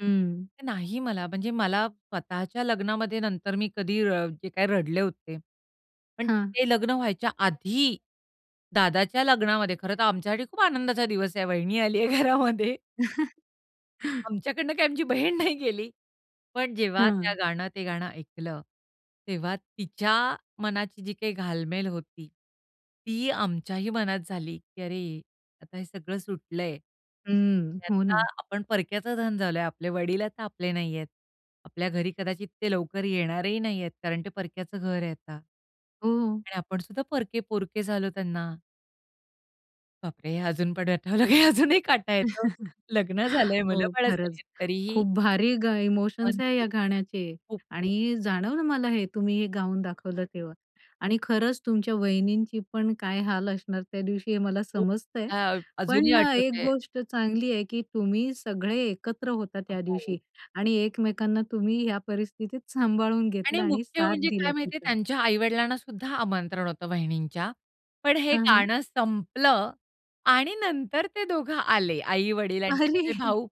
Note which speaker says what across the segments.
Speaker 1: हं.
Speaker 2: नाही, मला. म्हणजे मला स्वतःच्या लग्नामध्ये नंतर मी कधी रड जे काय रडले होते, पण
Speaker 1: हां.
Speaker 2: ते लग्न व्हायच्या आधी, दादाच्या लग्नामध्ये, खरंतर आमच्यासाठी खूप आनंदाचा दिवस आहे. वहिनी आली आहे घरामध्ये. आमच्याकडुन काय आमची बहीण नाही गेली. पण जेव्हा त्या
Speaker 1: हां.
Speaker 2: गाणं ते गाणं ऐकलं, तेव्हा तिच्या मनाची जी काही घालमेल होती. ती आमच्याही मनात झाली, की अरे, आता हे सगळं सुटलं आहे.
Speaker 1: हं. हो
Speaker 2: आता
Speaker 1: ना.
Speaker 2: आपण परक्याचं धन झालो आहे. आपले वडील आता आपले नाही आहेत. आपल्या घरी कदाचित ते लवकर येणारही नाही आहेत, कारण ते परक्याच घर आहे आता.
Speaker 1: हो.
Speaker 2: आणि आपण सुद्धा परके पोरके झालो त्यांना. बापरे! हे अजून पण आठवलं, की अजूनही काटा येतो. लग्न झालं आहे, मुलं
Speaker 1: हो.
Speaker 2: बाळ झाली
Speaker 1: खरंच.
Speaker 2: आहेत तरीही
Speaker 1: खूप भारी ग इमोशन्स
Speaker 2: पण
Speaker 1: आहे या
Speaker 2: खूप.
Speaker 1: गाण्याचे.
Speaker 2: खूप, खूप.
Speaker 1: आणि जाणवलं मला हे तुम्ही हे गाऊन दाखवलं तेव्हा. आणि खरंच तुमच्या वहिनींची पण काय हाल असणार त्या दिवशी, हे मला
Speaker 2: हो.
Speaker 1: समजतं आहे.
Speaker 2: मला अजूनही
Speaker 1: पण अ, एक
Speaker 2: आठवतं आहे
Speaker 1: गोष्ट चांगली आहे, की तुम्ही सगळे एकत्र होता
Speaker 2: अ,
Speaker 1: त्या
Speaker 2: हो.
Speaker 1: दिवशी. आणि एकमेकांना तुम्ही ह्या परिस्थितीत सांभाळून
Speaker 2: आणि
Speaker 1: घेतलं आणि
Speaker 2: मुख्य
Speaker 1: साथ
Speaker 2: म्हणजे काय
Speaker 1: दिला
Speaker 2: माहिती आहे?
Speaker 1: तिचा.
Speaker 2: त्यांच्या आई-वडिलांना सुद्धा आमंत्रण होतं वहिणींच्या. पण हे
Speaker 1: हां, हां.
Speaker 2: गाणं संपलं आणि नंतर ते दोघं आले, आई-वडील आणि त्यांचे
Speaker 1: अरे!
Speaker 2: भाऊ.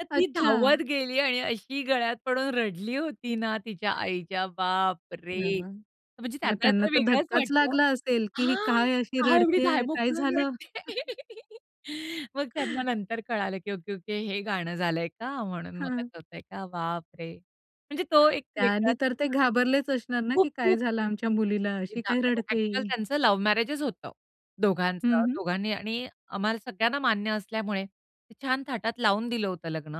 Speaker 2: तर ती धावत
Speaker 1: अच्छा.
Speaker 2: गेली आणि अशी गळ्यात पडून रडली होती ना, तिच्या आईच्या
Speaker 1: हं,
Speaker 2: बापरे!
Speaker 1: हं.
Speaker 2: म्हणजे
Speaker 1: मग
Speaker 2: त्यांना
Speaker 1: त्यांना
Speaker 2: जरा
Speaker 1: तर
Speaker 2: वेगळंच
Speaker 1: धक्काच
Speaker 2: वाटलं.
Speaker 1: लागला असेल, की ही
Speaker 2: हां,
Speaker 1: काय अशी
Speaker 2: का एवढी
Speaker 1: रडते
Speaker 2: धाय
Speaker 1: आहे? काय
Speaker 2: मोकलून
Speaker 1: झालं?
Speaker 2: रडते. मग त्यांना नंतर कळालं, की ओके-ओके हे गाणं झालं आहे का, म्हणून मग
Speaker 1: हां.
Speaker 2: असं होत आहे का? बापरे! म्हणजे तो एक
Speaker 1: त्या आधी
Speaker 2: वेगळाच
Speaker 1: तर ते घाबरलेच असणार ना, की काय
Speaker 2: खूप-खूप.
Speaker 1: झालं आमच्या
Speaker 2: आणि
Speaker 1: मुलीला.
Speaker 2: एवडी
Speaker 1: अशी काय
Speaker 2: पण [unintelligible]
Speaker 1: रडते
Speaker 2: एक्चुअल
Speaker 1: ही.
Speaker 2: त्यांचं लव्ह मॅरेजच होतं.
Speaker 1: हं,
Speaker 2: दोघांचं,
Speaker 1: हं.
Speaker 2: दोघांनी आणि आम्हाला सगळ्यांना मान्य असल्यामुळे ते छान थाटात लावून दिलं होतं लग्न.